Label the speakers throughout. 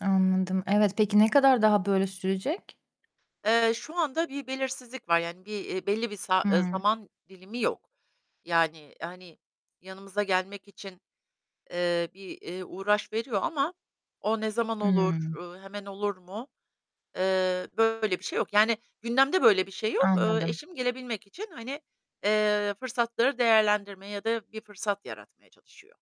Speaker 1: Anladım. Evet, peki ne kadar daha böyle sürecek?
Speaker 2: Eee, şu anda bir belirsizlik var, yani bir, eee, belli bir sa ııı,
Speaker 1: Hıı.
Speaker 2: zaman dilimi yok. Yani, hani, yanımıza gelmek için, eee, bir, eee, uğraş veriyor ama o ne zaman olur,
Speaker 1: Iıı.
Speaker 2: ııı, hemen olur mu? Eee, böyle bir şey yok. Yani gündemde böyle bir şey yok. Iıı,
Speaker 1: Anladım.
Speaker 2: eşim gelebilmek için, hani, eee, fırsatları değerlendirme ya da bir fırsat yaratmaya çalışıyor.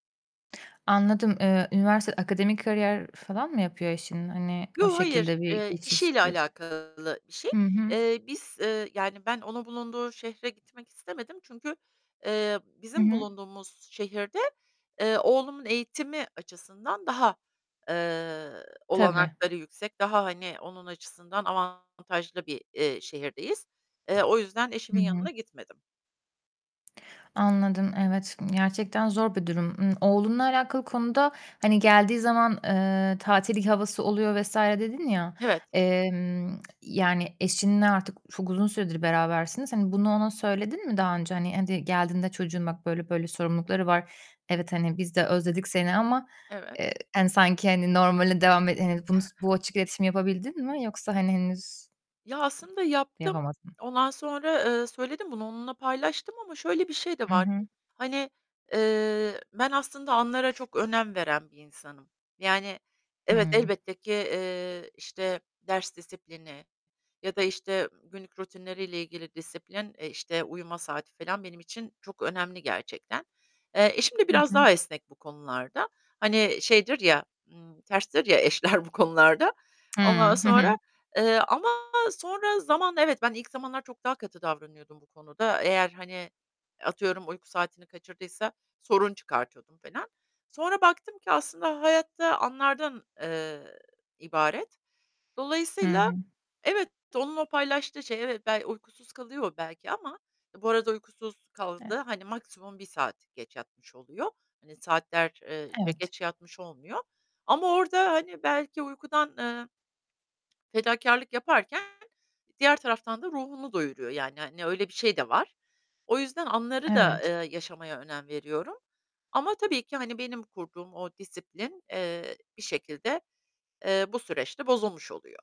Speaker 1: Anladım. Eee, üniversite akademik kariyer falan mı yapıyor eşin, hani o
Speaker 2: Yo, hayır.
Speaker 1: şekilde bir
Speaker 2: Eee,
Speaker 1: geçiş
Speaker 2: işiyle
Speaker 1: süresi?
Speaker 2: alakalı bir şey.
Speaker 1: Hı hı.
Speaker 2: Eee, biz, eee, yani ben onun bulunduğu şehre gitmek istemedim. Çünkü, eee,
Speaker 1: Hı
Speaker 2: bizim
Speaker 1: hı.
Speaker 2: bulunduğumuz şehirde, eee, oğlumun eğitimi açısından daha, eee,
Speaker 1: Tabii.
Speaker 2: olanakları yüksek, daha, hani, onun açısından avantajlı bir, eee, şehirdeyiz. Eee, o yüzden
Speaker 1: Hı
Speaker 2: eşimin
Speaker 1: hı.
Speaker 2: yanına gitmedim.
Speaker 1: Anladım, evet. Imm, gerçekten zor bir durum. Imm, oğlunla alakalı konuda, hani geldiği zaman, eee, "Tatil i havası oluyor." vs. dedin, ya.
Speaker 2: Evet.
Speaker 1: Emm, yani eşinle artık çok uzun süredir berabersiniz. Hani, bunu ona söyledin mi daha önce, hani, hadi geldiğinde, "Çocuğun bak böyle böyle sorumlulukları var. Evet, hani biz de özledik seni ama, eee,
Speaker 2: Evet.
Speaker 1: hani sanki, hani normale devam e he," bunu s bu açık iletişimi yapabildin mi? Yoksa, hani henüz
Speaker 2: Ya, aslında yaptım.
Speaker 1: Yapamadın.
Speaker 2: Ondan sonra, eee, söyledim bunu, onunla paylaştım ama şöyle bir şey de
Speaker 1: Hı
Speaker 2: var.
Speaker 1: hı.
Speaker 2: Hani, eee, ben aslında anlara çok önem veren bir insanım. Yani evet,
Speaker 1: Hıı.
Speaker 2: elbette ki, eee, işte, ders disiplini ya da işte günlük rutinleriyle ilgili disiplin; eee, işte, uyuma saati falan benim için çok önemli gerçekten. Eee, eşim de
Speaker 1: Hı
Speaker 2: biraz
Speaker 1: hı.
Speaker 2: daha esnek bu konularda. Hani şeydir ya, ımm, terstir ya, eşler bu konularda.
Speaker 1: Hıı.
Speaker 2: Ondan
Speaker 1: Hı
Speaker 2: sonra,
Speaker 1: hı.
Speaker 2: eee, ama sonra zaman Evet, ben ilk zamanlar çok daha katı davranıyordum bu konuda eğer, hani, atıyorum uyku saatini kaçırdıysa sorun çıkartıyordum falan. Sonra baktım ki aslında hayat da anlardan, eee, ibaret.
Speaker 1: Hı
Speaker 2: Dolayısıyla
Speaker 1: hı.
Speaker 2: evet, onun o paylaştığı şey, evet, bey uykusuz kalıyor belki ama ı bu arada uykusuz
Speaker 1: E
Speaker 2: kaldığı hani maksimum 1 saat geç yatmış oluyor. Hani, saatler ııı, ce
Speaker 1: Evet.
Speaker 2: geç yatmış olmuyor ama orada, hani belki uykudan, eee fedakârlık yaparken diğer taraftan da ruhunu doyuruyor. Yani, hani, öyle bir şey de var. O yüzden anları da,
Speaker 1: Evet.
Speaker 2: eee, yaşamaya önem veriyorum ama tabii ki, hani, benim kurduğum o disiplin, eee, bir şekilde, eee, bu süreçte bozulmuş oluyor.